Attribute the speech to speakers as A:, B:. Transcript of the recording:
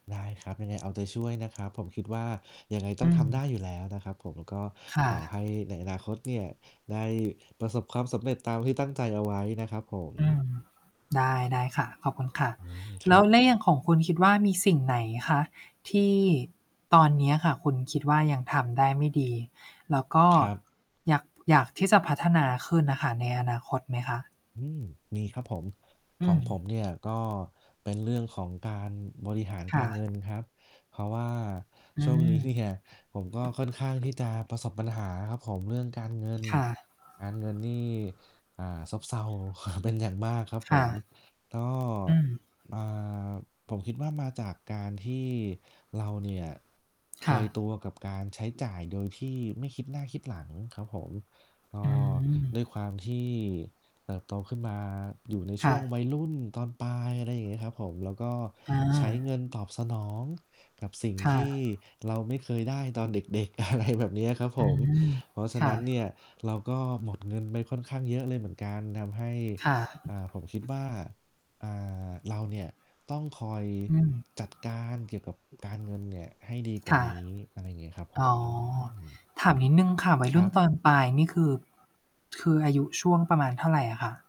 A: ได้ครับ ยังไงเอาใจช่วยนะครับ ผมคิดว่ายังไงต
B: อ
A: ้
B: ื
A: องทำได้
B: ม
A: อยู่แล้วนะครับผม ก็
B: ค่
A: ขอ
B: ะ
A: ให้ในอนาคตเนี่ย ได้ประสบความสำเร็จตามที่ตั้งใจเอาไว้นะครับผม
B: อืม ได้ ได้ค่ะ ขอบคุณค่ะ
A: อืม ค
B: แล
A: ร
B: ้
A: ั
B: ว
A: บ
B: ใน อย่างของคุณคิดว่ามีสิ่งไหนคะที่ตอนเนี้ยค่ะ คุณคิดว่ายังทำได้ไม่ดี แล้วก็
A: ครับ
B: อยาก อยากที่จะพัฒนาขึ้นน่ะค่ะ ในอนาคตไหมคะ?
A: อืม มีครับผม ข
B: อ
A: อ
B: ื
A: งผม
B: ม
A: เนี่ยก็เป็นเรื่องของการบริหาร
B: ค
A: ก
B: ่
A: ารเง
B: ะ
A: ินครับ เพราะว่า
B: อื
A: ช่วง
B: ม
A: นี้ เนี่ย ผมก็ค่อนข้างที่จะประสบปัญหาครับผม เรื่องการเงิน
B: ค่ะ
A: การเงินนี่ อ่า ซบเซา เป็นอย่างมากครับ
B: ค
A: ผ
B: ่
A: ม
B: ะ
A: ก็
B: อืม
A: อ่า ผมคิดว่ามาจากการที่เราเนี่ย เค
B: ค่
A: ยต
B: ะ
A: ัวกับการใช้จ่ายโดยที่ไม่คิดหน้าคิดหลังครับผม ก
B: อ
A: ็
B: ืม
A: ด้วยความที่เติบโตขึ้นมาอยู่ในช
B: ค่
A: ่วง
B: ะ
A: วัยรุ่นตอนปลาย อะไรอย่างเงี้ยครับผม แล้วก็
B: อ
A: ใช้เง
B: า
A: ินตอบสนองกับสิ่ง
B: ค่
A: ที่
B: ะ
A: เราไม่เคยได้ตอนเด็ก ๆ อะไรแบบเนี้ยครับผ
B: อื
A: ม
B: ม
A: เพราะฉะ
B: ค
A: น
B: ่ะ
A: ั้นเนี่ย เราก็หมดเงินไปค่อนข้างเยอะเลยเหมือนกันทำให้
B: ค่ะ
A: อ่า ผมคิดว่า อ่า เราเนี่ยต้องคอย
B: อืม
A: จัดการเกี่ยวกับการเงินเนี่ยให้ดีกว
B: ค
A: ่า
B: ่ะ
A: นี้ อะไรอย่างเงี้ยครับผ
B: อ๋อ
A: ม อืม
B: ถามนิดหนึ่งค่ะ วัย
A: ค
B: รุ
A: ร
B: ่
A: ั
B: น
A: บ
B: ตอนปลายนี่คือ คืออายุช่วงประมาณเท่าไรอะคะ?